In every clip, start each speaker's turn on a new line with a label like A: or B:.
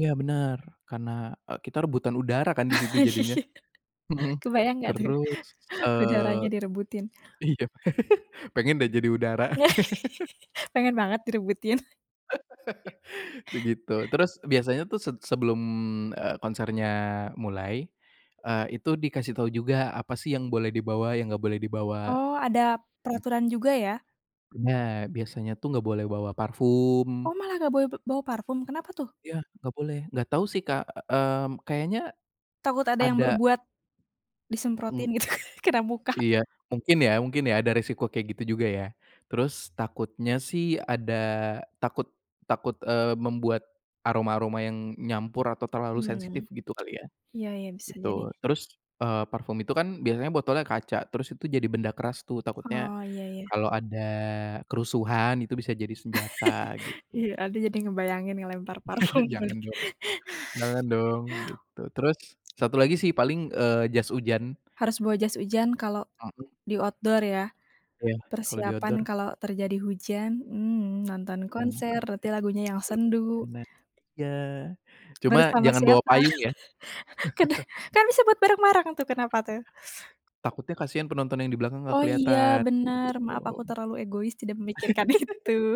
A: Ya, bener, karena, e kita rebutan udara, kan, di situ jadinya.
B: Iya.
A: Mhm.
B: Kebayang enggak, tuh.
A: Terus, eee,
B: Udaranya direbutin.
A: iya, pengen, deh, jadi udara.
B: Pengen banget direbutin.
A: Begitu. Terus, biasanya, tuh, set sebelum, eee, konsernya mulai, eee, itu dikasih tahu juga, apa, sih, yang boleh dibawa, yang enggak boleh dibawa.
B: Oh, ada peraturan juga, ya.
A: Benar. Biasanya, tuh, enggak boleh bawa parfum.
B: Oh, malah enggak boleh b bawa parfum. Kenapa, tuh?
A: Ya. Enggak boleh. Enggak tahu, sih, Kak, mmm, kayaknya,
B: Takut ada yang
A: ada
B: berbuat,
A: Mmm.
B: disemprotin, gitu, kena muka.
A: Iya. Mungkin ya mungkin ya, ada resiko kayak gitu, juga, ya. Terus, takutnya, sih, ada takut takut, eee, membuat, aroma-aroma yang nyampur atau terlalu
B: Mmm.
A: sensitif, gitu, kali, ya.
B: Iya iya, bisa
A: Gitu.
B: jadi.
A: Terus, eee, parfum itu, kan, biasanya botolnya kaca, terus itu jadi benda keras, tuh. Takutnya,
B: Oh, iya iya.
A: kalau ada kerusuhan, itu bisa jadi senjata, gitu.
B: Iya. Aduh, jadi ngebayangin ngelempar parfum.
A: Jangan
B: [unintelligible]
A: dong jangan dong, gitu. Terus, 1 lagi, sih, paling, eee, jas hujan.
B: Harus bawa jas hujan kalau,
A: Mhm.
B: di outdoor, ya.
A: Ya, kalo di
B: Persiapan
A: outdoor.
B: kalau terjadi hujan, mmm, nonton
A: Mhm,
B: konser,
A: kayaknya.
B: berarti lagunya yang
A: [unintelligible]
B: sendu.
A: Nah, iya. Cuma,
B: Bersama
A: jangan bawa
B: siapa?
A: payung, ya.
B: Karena, kan, bisa buat bareng-bareng tuh. Kenapa tuh?
A: Takutnya, kasihan penonton yang di belakang enggak
B: Oh, iya,
A: keliatan,
B: benar.
A: begitu.
B: Maaf, aku terlalu egois tidak memikirkan itu.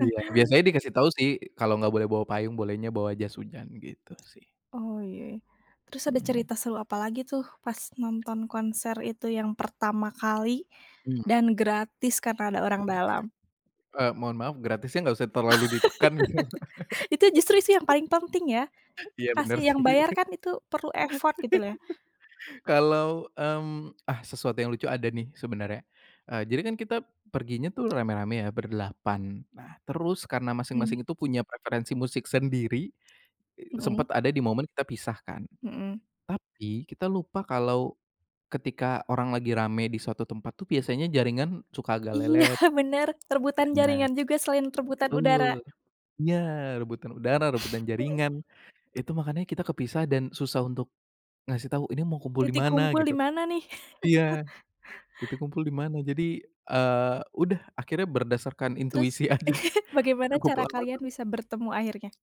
A: Iya. Biasanya dikasih tahu, sih, kalau enggak boleh bawa payung. Bolehnya bawa jas hujan, gitu, sih.
B: Oh, iya. Terus, ada
A: Mhm.
B: cerita seru apalagi, tuh, pas nonton konser itu yang pertama kali,
A: Mmm.
B: dan gratis karena ada orang dalam?
A: Eee, mohon maaf, gratisnya enggak usah terlalu ditekan.
B: Itu justru, sih, yang paling penting, ya.
A: Iya, bener,
B: Kasih yang
A: sih.
B: bayar, kan, itu perlu effort, gitu, loh, ya.
A: Kalau, mmm, ah, sesuatu yang lucu ada, nih, sebenarnya. Eee, jadi, kan, kita perginya, tuh, rame-rame, ya, berdelapan. Nah, terus karena
B: Mmm.
A: masing-masing itu punya preferensi musik sendiri,
B: Mhm.
A: sempat ada di momen kita pisah, kan.
B: Mhm.
A: Tapi, kita lupa kalau, ketika orang lagi rame di suatu tempat, tuh, biasanya jaringan suka agak
B: Iya
A: lelet.
B: benar, rebutan
A: Benar.
B: jaringan juga, selain rebutan
A: Betul.
B: udara.
A: Iya, rebutan udara, rebutan
B: Mhm.
A: jaringan. Itu makannya kita kepisah dan susah untuk, ngasih tahu, ini mau kumpul di
B: Titik
A: mana,
B: kumpul
A: gitu.
B: di mana, nih?
A: Iya, kita kumpul di mana. Jadi, eee, udah, akhirnya berdasarkan
B: Terus,
A: intuisi aja.
B: bagaimana
A: Cukup
B: cara
A: lama
B: kalian
A: tap
B: bisa bertemu akhirnya?